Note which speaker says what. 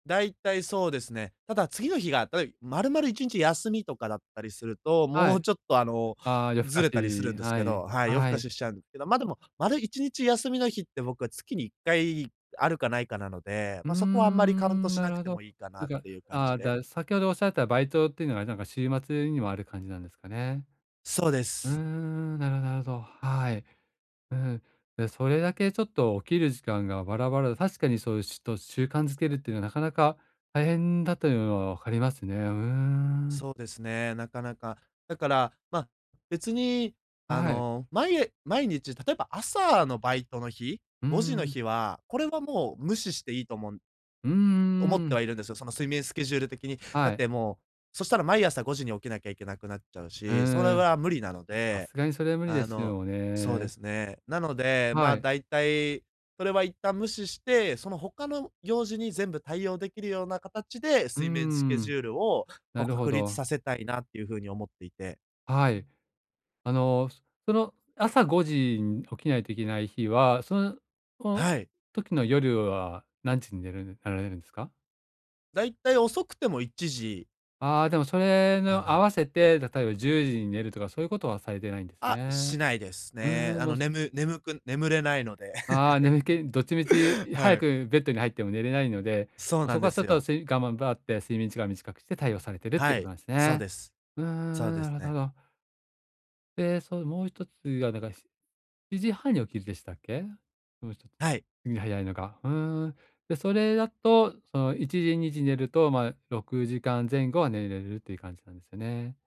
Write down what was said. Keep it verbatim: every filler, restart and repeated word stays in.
Speaker 1: 大体そうですね。ただ次の日が、たとえば丸々いちにち休みとかだったりすると、
Speaker 2: は
Speaker 1: もう
Speaker 2: い。
Speaker 1: ちょっと、あの、
Speaker 2: ああ、夜更
Speaker 1: ず
Speaker 2: か
Speaker 1: れたりする
Speaker 2: し、
Speaker 1: んです
Speaker 2: は
Speaker 1: け
Speaker 2: い、
Speaker 1: どはい、夜更
Speaker 2: は
Speaker 1: か
Speaker 2: い。
Speaker 1: ししちゃうんですけど、ま、でも丸いちにち休みの日って僕は月にいっかいあるかないかなので、
Speaker 2: うー
Speaker 1: まあそこはあんまりカウント
Speaker 2: ん、
Speaker 1: し
Speaker 2: な
Speaker 1: な
Speaker 2: る
Speaker 1: く
Speaker 2: ほ
Speaker 1: て
Speaker 2: ど。
Speaker 1: もいいかな
Speaker 2: つ
Speaker 1: っ
Speaker 2: か、
Speaker 1: ていう感
Speaker 2: あ
Speaker 1: じ
Speaker 2: あ、
Speaker 1: で。
Speaker 2: だ先ほどおっしゃったバイトっていうのは、なんか、週末にもある感じなんですかね。
Speaker 1: そうで
Speaker 2: うー
Speaker 1: す。
Speaker 2: ん。なるほどなるほど。はい。うん。でそれだけちょっと起きる時間がバラバラだと確かにそういうしゅと、習慣づけるっていうのは、なかなか大変だというのは分かりますね。うーん。
Speaker 1: そうですね、なかなか。だから、ま、別に、
Speaker 2: あ、
Speaker 1: あ
Speaker 2: はい。
Speaker 1: の、まい毎日、例えば朝のバイトの日、
Speaker 2: うー
Speaker 1: ごじの
Speaker 2: ん。
Speaker 1: 日は、これはもう無視していいと思う
Speaker 2: うんう
Speaker 1: 思っ
Speaker 2: んう
Speaker 1: ては
Speaker 2: ん。
Speaker 1: いるんですよ、その睡眠スケジュール的に。だ
Speaker 2: は
Speaker 1: っ
Speaker 2: い。
Speaker 1: てもう、そしたら毎朝ごじに起きなきゃいけなくなっちゃう
Speaker 2: う
Speaker 1: し、それ
Speaker 2: ーん。
Speaker 1: は無理なの
Speaker 2: さ
Speaker 1: で。
Speaker 2: すがにそれは無理で
Speaker 1: あ
Speaker 2: す
Speaker 1: の
Speaker 2: よ
Speaker 1: そうで
Speaker 2: ね。
Speaker 1: すね。なので、ま
Speaker 2: は
Speaker 1: あ、
Speaker 2: い。
Speaker 1: 大体、それは一旦無視して、その他の用事に全部対応できるような形で、
Speaker 2: うー
Speaker 1: 睡眠スケジ
Speaker 2: ん。
Speaker 1: ュールを、こ
Speaker 2: な
Speaker 1: う、
Speaker 2: るほ
Speaker 1: 確立
Speaker 2: ど。
Speaker 1: させたいなっていうふうに思っていて。
Speaker 2: はい。あの、そその朝ごじに起きないといけない日は、その、お
Speaker 1: はい。
Speaker 2: 時の夜は何時に寝るぬ寝られるんですか？
Speaker 1: 大体遅くてもいちじ
Speaker 2: ああ、でも、それに
Speaker 1: か
Speaker 2: 合
Speaker 1: な。
Speaker 2: わせて、例えばじゅうじに寝るとかそういうことはされてないんです
Speaker 1: あ、し
Speaker 2: ね。
Speaker 1: ないです
Speaker 2: う
Speaker 1: ね。
Speaker 2: ーん、
Speaker 1: あの、
Speaker 2: もす
Speaker 1: ねむ-眠く眠れないので。
Speaker 2: ああ、眠気、どっちみち
Speaker 1: は
Speaker 2: 早
Speaker 1: い。
Speaker 2: くベッドに入っても寝れないので、
Speaker 1: そうな
Speaker 2: そ
Speaker 1: ん
Speaker 2: こ
Speaker 1: で
Speaker 2: はちょ
Speaker 1: す
Speaker 2: っと
Speaker 1: よ。
Speaker 2: すいがむばって睡眠時間短くして対応されているって
Speaker 1: は
Speaker 2: こと
Speaker 1: い。
Speaker 2: なんです
Speaker 1: そう
Speaker 2: ね。
Speaker 1: です。
Speaker 2: うー
Speaker 1: そう
Speaker 2: ん、
Speaker 1: で
Speaker 2: な
Speaker 1: す
Speaker 2: るほど
Speaker 1: ね。
Speaker 2: なるほど。で、そう、もうひとつは、なんか、しちじはんに起きるでしたっけ？もうひとつ
Speaker 1: はい。
Speaker 2: に早いのが。うーん。じゃ、それだと、そのいちじにじに寝ると、まあ、ろくじかん前後は寝れるっていう感じなんですね。